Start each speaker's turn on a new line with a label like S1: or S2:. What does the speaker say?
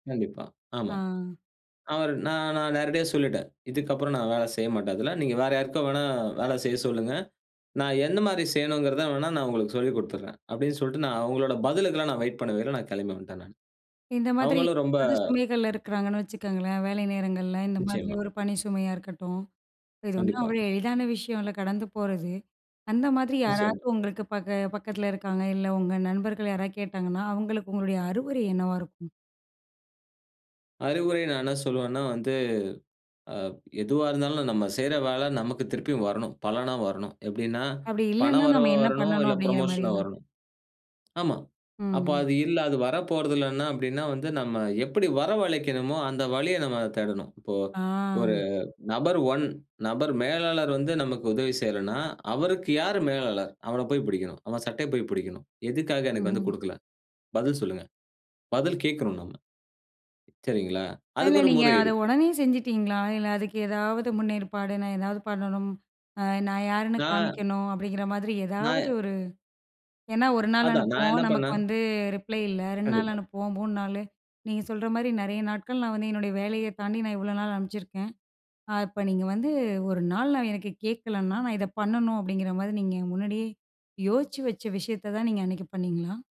S1: கண்டிப்பா. ஆமா.
S2: ஆ.
S1: அவர் நான் நான் நேரடியா சொல்லிட்டேன். இதுக்கு அப்புறம் நான் வேல செய்ய மாட்டேன் அதுல. நீங்க வேற யாருக்கோ வேணா, வேல செய்ய சொல்லுங்க. நான் எந்த மாரி செய்யணும்ங்கிறத வேணா, நான் உங்களுக்கு சொல்லிக் குடுத்துடுறேன். அப்டினு சொல்லிட்டு நான் அவங்களோட பதிலுக்குலாம் நான் வெயிட் பண்ணவே இல்ல, நான் கிளம்பி வந்ட்டேன் நானு.
S2: இந்த மாதிரி
S1: அவங்களும் ரொம்ப
S2: யாராவது சுமைகள்ல இருக்குறாங்கன்னு வச்சுக்கோங்களேன், வேலை நேரங்கள்ல, இந்த மாதிரி
S1: நிச்சியமா.
S2: ஒரு பணி சுமையா இருக்கட்டும், இது ஒண்ணும்
S1: கண்டிப்பா.
S2: அவ்ளோ எளிதான விஷயம் இல்ல கடந்து போறது. அந்த மாதிரி
S1: நிச்சியமா.
S2: யாராவது உங்களுக்கு பக்க பக்கத்தில இருக்காங்க, இல்ல உங்க நண்பர்கள் யாராது கேட்டாங்கன்னா, அவங்களுக்கு உங்களுடைய அறிவுரை என்னவா இருக்கும்?
S1: அறிவுரை நான் என்ன சொல்லுவேன்னா வந்து, அ எதுவா இருந்தாலும் நம்ம செய்ற வேல நமக்கு திருப்பியும் வரணும். பலனா வரணும். எப்டின்னா
S2: அப்டி இல்லன்னா,
S1: பணம்
S2: நம்ம
S1: வரவா
S2: என்ன
S1: வரணும்,
S2: பண்ணணும்
S1: இல்ல
S2: அப்டிங்கிற
S1: புரமோஷனா
S2: மாரியா?
S1: வரணும். ஆமா. அப்ப
S2: ம்.
S1: அது இல்ல, அது வரப்போறது இல்லன்னா அப்டின்னா வந்து நம்ம எப்டி வரவழைக்கணுமோ அந்த வழிய நம்ம தேடணும். இப்போ, 1
S2: ஆ
S1: நபர் 1 நபர் மேலாளர் வந்து நமக்கு உதவி செய்யலன்னா, அவருக்கு யாரு மேலாளர்? அவனப் போய் புடிக்கணும். அவன் சட்டைய போய், புடிக்கணும். எதுக்காக எனக்கு வந்து
S2: ம்ஹ்ம்.
S1: குடுக்கல? பதில் சொல்லுங்க. பதில் கேட்கணும் நம்ம. சரிங்களா?
S2: அதுல
S1: அதுக்கு ஒரு
S2: நீங்க
S1: முறை
S2: அத
S1: இருக்கு.
S2: உடனே செஞ்சுட்டீங்களா? இல்ல, அதுக்கு எதாவது முன்னேற்பாடு நான் எதாவது பண்ணணும், அ நான் யாருன்னு
S1: நா
S2: காமிக்கணும், அப்டிங்கிற மாதிரி
S1: நா
S2: ஏதாவது ஒரு ஏன்னா 1 நாள்
S1: அதான், நான்
S2: அனுப்புவோம்.
S1: என்ன
S2: நமக்கு
S1: பண்ணேன்?
S2: வந்து ரிப்ளை இல்ல. 2 நாள்
S1: கண்டிப்பா.
S2: அனுப்புவோம், 3 நாளு. நீங்க சொல்ற மாரி நெறைய நாட்கள் நான் வந்து என்னுடைய வேலைய தாண்டி நான் இவ்வளோ நாள் அனுப்பிச்சிருக்கேன். ஆ இப்ப நீங்க வந்து 1 நாள் நான் எனக்கு கேட்கலன்னா, நான் இத பண்ணணும் அப்டிங்குற மாதிரி நீங்க முன்னாடியே யோசிச்சு வச்ச விஷயத்த தான் நீங்க அன்னைக்கு பண்ணீங்களா?